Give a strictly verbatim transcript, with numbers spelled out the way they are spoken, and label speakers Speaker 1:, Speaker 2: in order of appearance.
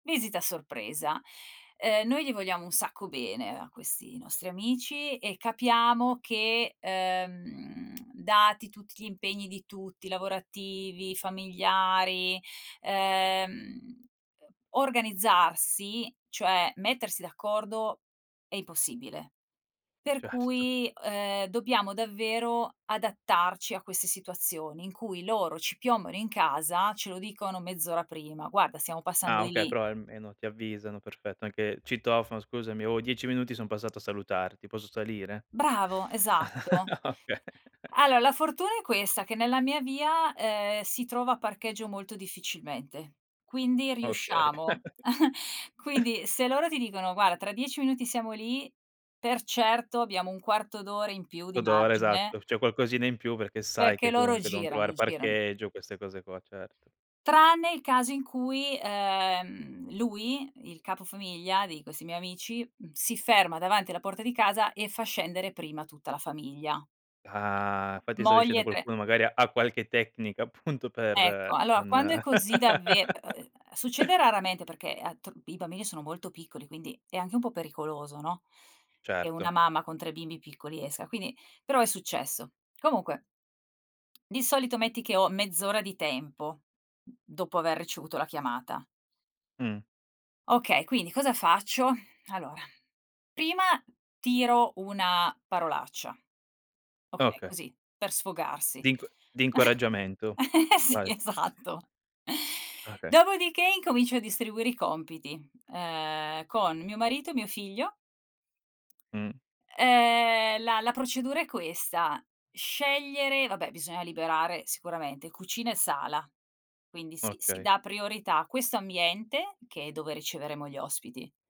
Speaker 1: Visita a sorpresa. Ehm, noi gli vogliamo un sacco bene a questi nostri amici e capiamo che, ehm, dati tutti gli impegni di tutti, lavorativi, familiari, ehm, organizzarsi, cioè mettersi d'accordo è impossibile. Per
Speaker 2: Certo.
Speaker 1: cui, ehm, dobbiamo davvero adattarci a queste situazioni in cui loro ci piombano in casa, ce lo dicono mezz'ora prima: "Guarda stiamo passando
Speaker 2: Ah
Speaker 1: di
Speaker 2: okay,
Speaker 1: lì."
Speaker 2: però almeno ti avvisano, perfetto, anche citofono: "Scusami, ho dieci minuti son passato a salutarti, posso salire?"
Speaker 1: Bravo! Esatto.
Speaker 2: Oka
Speaker 1: Allo la fortuna è questa, che nella mia via, ehm, si trova parcheggio molto difficilmente, quindi
Speaker 2: Okay.
Speaker 1: riusciamo. Quindi se loro ti dicono: "guara tra dieci minuti siamo lì", per certo abbiamo un quarto d'ora in più
Speaker 2: Co
Speaker 1: di
Speaker 2: d'ora,
Speaker 1: margine
Speaker 2: esatto, c'è qualcosina in più perché sai
Speaker 1: perché
Speaker 2: che
Speaker 1: loro
Speaker 2: comunque deon
Speaker 1: girano,
Speaker 2: trovare
Speaker 1: girano.
Speaker 2: parcheggio, queste cose qua, certo.
Speaker 1: Tranne il caso in cui, ehm, lui, il capofamiglia di questi miei amici, mhmm, si ferma davanti alla porta di casa e fa scendere prima tutta la famiglia.
Speaker 2: Ah, fatti stavo
Speaker 1: Moglie
Speaker 2: dicendo
Speaker 1: e tre
Speaker 2: qualcuno magari ha qualche tecnica appunto
Speaker 1: Ecco,
Speaker 2: per
Speaker 1: alò quando è
Speaker 2: non
Speaker 1: così davve e e ehm, succede raramente perché a t i bambini sono molto piccoli quindi è anche un po' pericoloso, no, che una
Speaker 2: Certo.
Speaker 1: mamma con tre bimbi piccoli esca, quini però è successo. Comunque di solito metti che ho mezz'ora di tempo, mhmm, mhmm, dopo aver ricevuto la chiamata.
Speaker 2: Mh.
Speaker 1: Okay, quindi cosa faccio? Allora, prima tiro una parolaccia, okay
Speaker 2: Oka
Speaker 1: così per sfogarsi.
Speaker 2: Dinque di incoraggiamento.
Speaker 1: Sì,
Speaker 2: Vai.
Speaker 1: esatto.
Speaker 2: Okay.
Speaker 1: Dopodiché incomincio a distribuire i compiti, ehm, con mio marito e mio figlio.
Speaker 2: Mh.
Speaker 1: Ehm, la la procedura è questa: scegliere vabbè bisogna liberare sicuramente cucina e sala, quindi si si
Speaker 2: Okay.
Speaker 1: dà priorità questo ambiente che è dove riceveremo gli ospiti.